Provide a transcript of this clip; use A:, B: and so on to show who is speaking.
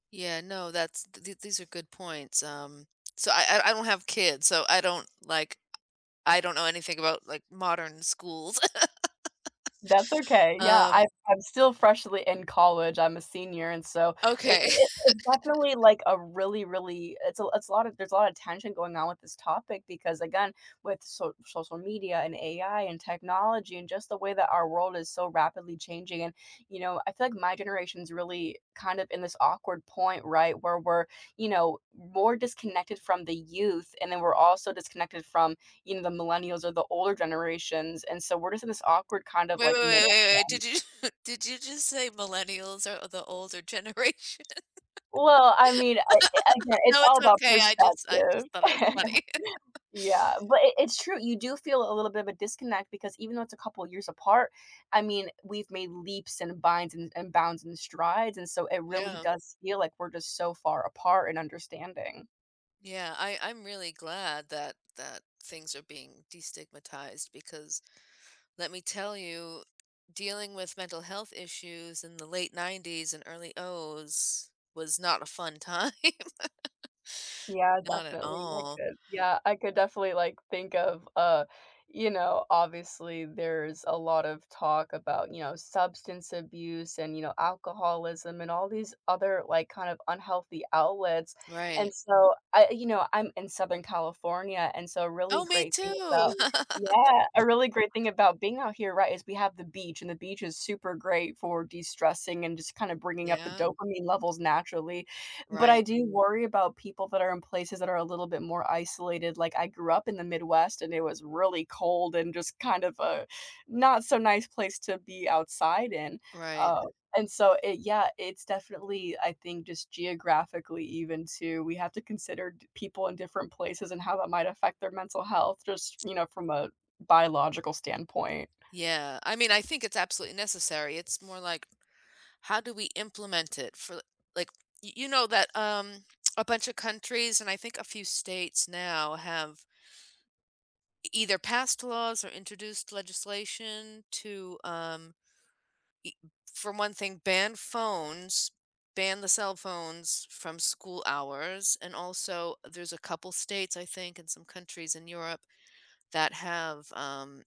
A: Yeah, no, that's, th these are good points, um, so, I I I don't have kids, so, I don't, like, I I don't know anything about, like, modern schools.
B: That's okay, yeah,
A: Um
B: I I'm still freshly in college, I'm a senior, and so, it
A: Okay.
B: it it's definitely, like, a really, really it's a it's a lotta there's a lotta tension going on with this topic because, again, with socia social media and AI and technology and just the way that our world is so rapidly changing and, you know, I feel like my generation's really kind of in this awkward point, right, where we're, you know, m more disconnected from the youth, and then we're also disconnected from, you know, the millennials or the older generations, and so, we're just in this awkward kind of,
A: Wait wait
B: like,
A: wait
B: middle
A: wait wait,
B: ground.
A: did you did you just say millennials are the older generation?
B: Well, I mean, I again, it's
A: No,
B: all
A: it's
B: about
A: okay, I just I
B: perspective.
A: just thought it was funny.
B: Yeah, but it it's true, you do feel a little bit of a disconnect because even though it's a couple of years apart, I mean, we've made leaps and binds and and bounds and strides, and so, it really
A: Yeah.
B: does feel like we're just so far apart in understanding.
A: Yeah, I I'm really glad that that things are being destigmatized because, let me tell you, dealing with mental health issues in the late 90s and early 00s was not a fun time.
B: Yeah,
A: Not at
B: definitely, I
A: all.
B: could. Yeah, I could definitely, like, think of, uh, you know, obviously there's a lot of talk about, you know, substance abuse, and, you know, alcoholism, and all these other, like, kind of unhealthy outlets.
A: Right.
B: And so, I, you know, I'm in Southern California, and so, a really
A: Oh, me
B: great thing
A: too!
B: about yeah, a really great thing about being out here, right, is we have the beach, and the beach is super great for destressing and just kinda bringing up the
A: Yep.
B: dopamine levels naturally. But I
A: Right.
B: do worry about people that are in places that are a little bit more isolated, like, I grew up in the Midwest and it was really cold and just kind of a not so nice place to be outside in.
A: Right.
B: Uh, and so it yeah, it's definitely, I think just geographically even too, we have to consider to people in different places and how that might affect their mental health, just, you know, from a biological standpoint.
A: Yeah, I mean, I think it's absolutely necessary it's more like, how do we implement it for l like, y you know that, um, a bunch of countries and I think a few states now have e either passed laws or introduced legislation to, um Y for one thing, ban phones, ban the cell phones f from school hours, and also there's a couple states, I think, and some countries in Europe that have, um